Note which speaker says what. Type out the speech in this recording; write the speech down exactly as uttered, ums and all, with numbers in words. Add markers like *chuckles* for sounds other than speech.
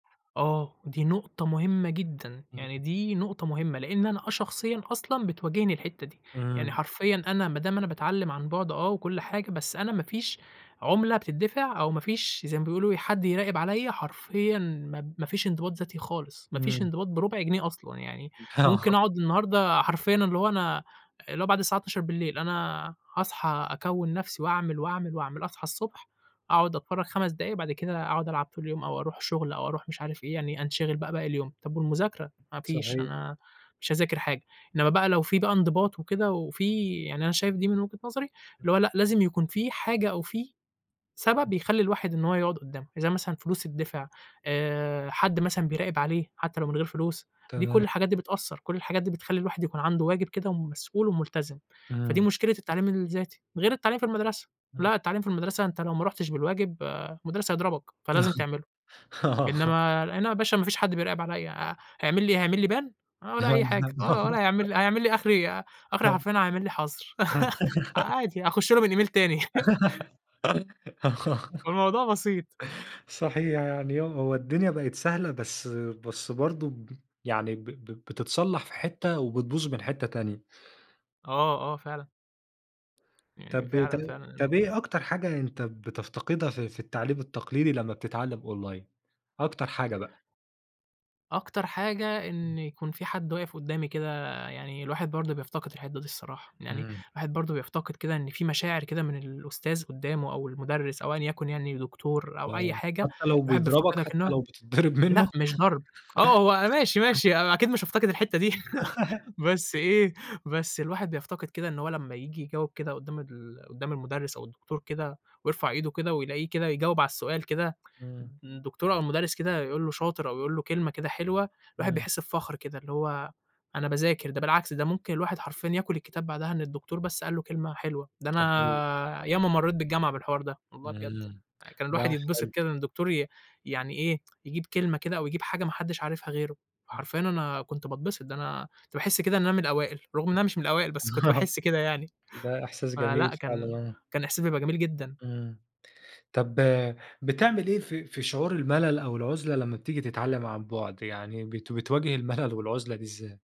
Speaker 1: آه، دي نُقطة مُهمّة جدًا،
Speaker 2: إمم.
Speaker 1: يعني دي نُقطة مُهمّة؛ لأن أنا آه شخصيًا أصلًا بتواجهني الحتّة دي، يعني
Speaker 2: إمم.
Speaker 1: حرفيًا أنا ما دام أنا باتعلم عن بُعد آه وكُل حاجة، بس أنا ما فيش عُملة بتدِّفع أو ما فيش زي ما بيقولوا حد يراقب عليّا، حرفيًا ما ما فيش انضباط ذاتي خالص، ما فيش
Speaker 2: إمم.
Speaker 1: انضباط بربع جنيه أصلًا يعني،
Speaker 2: آه.
Speaker 1: ممكن أقعد النهارده حرفيًا اللي هو أنا، اللي هو بعد الساعة إتناشر بالليل أنا هأصحى أكوّن نفْسِي وأعمل وأعمل وأعمل، أصحى الصبح، أقعد أتفرج خَمَس دقايق بعد كده أقعد ألعب طول اليوم أو أروح شغل أو أروح مش عارف إيه، يعني أنشغِل بقى باقي اليوم، طَب والمذاكرة؟! ما فيش
Speaker 2: صحيح.
Speaker 1: أنا مش هأذاكر حاجة، إنمّا بقى لو في بقى انضباط وكده وفي يعني أنا شايف دي من وجهة نظري، اللي هو
Speaker 2: *unintelligible*
Speaker 1: لأ لازم يكون في حاجة أو في سبب
Speaker 2: *unintelligible*
Speaker 1: يخلّي الواحد إن هو يقعد قدامه، زي مثلًا فلوس تدِّفع آآ، حد مثلًا بيراقب عليه، حتى لو من غير فلوس، دي كل
Speaker 2: تمام.
Speaker 1: الحاجات دي بتأثَّر، كل الحاجات دي بتخلّي الواحد يكون عنده واجب كده ومسؤول وملتزم، فدي
Speaker 2: إمم.
Speaker 1: مشكلة التعليم الذاتي، غير التعليم في المدرسة،
Speaker 2: إمم.
Speaker 1: لأ التعليم في المدرسة أنت لو ما رُحتش بالواجب، آآ، المُدرّس هيضربَك، فلازم تعمله،
Speaker 2: *chuckles* آه.
Speaker 1: إنما أنا يا باشا ما فيش حد بيراقب عليَّ، ه هيعملي إيه، هيعملي Ban ولا أي حاجة، آه، ولا
Speaker 2: *unintelligible*
Speaker 1: هيعمل هيعمل لي آخري إيه، ي آخري
Speaker 2: *chuckles*
Speaker 1: حرفيًا هيعمل لي حظر *giggles*
Speaker 2: *giggles*
Speaker 1: عادي هأخش له من Email تاني *chuckles*
Speaker 2: *giggles* آه
Speaker 1: فالموضوع بسيط.
Speaker 2: صحيح يعني يوم هو الدنيا بقت سهلة، بس بس برضه ب يعني ب ب بتتصلح في حتّة وبتبوظ من حتّة تانية.
Speaker 1: آه، آه، فعلًا. يعني
Speaker 2: طَب إ ط
Speaker 1: فعلًا، فعلًا
Speaker 2: طَب
Speaker 1: إنه
Speaker 2: إيه أكتر حاجة أنت بتفتقدها في في التعليم التقليدي لمّا بتتعلم Online أكتر حاجة بقى؟
Speaker 1: أكتر حاجة
Speaker 2: إمم.
Speaker 1: إن يكون في حد واقف قدامي كده يعني، الواحد برضه بيفتقد الحتّة دي الصراحة يعني،
Speaker 2: إمم.
Speaker 1: الواحد برضه بيفتقد كده إن في مشاعر كده من الأُستاذ قدامه أو المُدرّس أو أيًا يكن يعني،
Speaker 2: *unintelligible*
Speaker 1: دكتور أو أي
Speaker 2: آه،
Speaker 1: حاجة،
Speaker 2: حتى لو
Speaker 1: الواحد
Speaker 2: بيضربَك
Speaker 1: بيفتقدها
Speaker 2: حتى
Speaker 1: كأنه
Speaker 2: لو بتضّرب
Speaker 1: لأ
Speaker 2: منه؟
Speaker 1: مش ضرب، آه هو ماشي، ماشي أنا أكيد مش هأفتقد الحتّة دي
Speaker 2: *giggles* *giggles*
Speaker 1: *giggles* بس إيه، بس الواحد بيفتقد كده إن هو لمّا ييجي يجاوب كده قُدام ال قُدام المُدرّس أو الدكتور كده، ويرفع إيده كده، ويلاقيه كده يجاوب على السؤال كده،
Speaker 2: إمم.
Speaker 1: الد الدكتور أو المُدرّس كده يقول له شاطر أو يقول له كلمة كده حلوة، الواحد
Speaker 2: إمم.
Speaker 1: بيحس بفخر كده، اللي هو أنا باذاكر، ده بالعكس ده ممكن الواحد حرفيًا ياكل الكتاب بعدها إن الدكتور بس قال له كلمة حلوة، ده
Speaker 2: صحيح.
Speaker 1: أنا ياما مرّيت بالجامعة بالحوار ده، والله بجد
Speaker 2: إمم،
Speaker 1: كان الواحد
Speaker 2: لأ
Speaker 1: يتبسط
Speaker 2: حلو.
Speaker 1: كده إن الدكتور ي يعني إيه يجيب كلمة كده أو يجيب حاجة ما حدش عارفها غيره،
Speaker 2: إمم.
Speaker 1: حرفيًا أنا كنت باتبسط، ده أنا كنت باحس كده إن أنا من الأوائل، رغم إن أنا مش من الأوائل، بس كنت
Speaker 2: آه
Speaker 1: باحس كده يعني،
Speaker 2: ده إحساس جميل
Speaker 1: فلأ كان
Speaker 2: فعلًا آه.
Speaker 1: كان احساس بيبقى جميل جدًا.
Speaker 2: إمم، طَب بتعمل إيه في في شعور الملل أو العُزلة لما بتيجي تتعلم عن بُعد، يعني بت بتواجه المَلل والعُزلة دي إزاي؟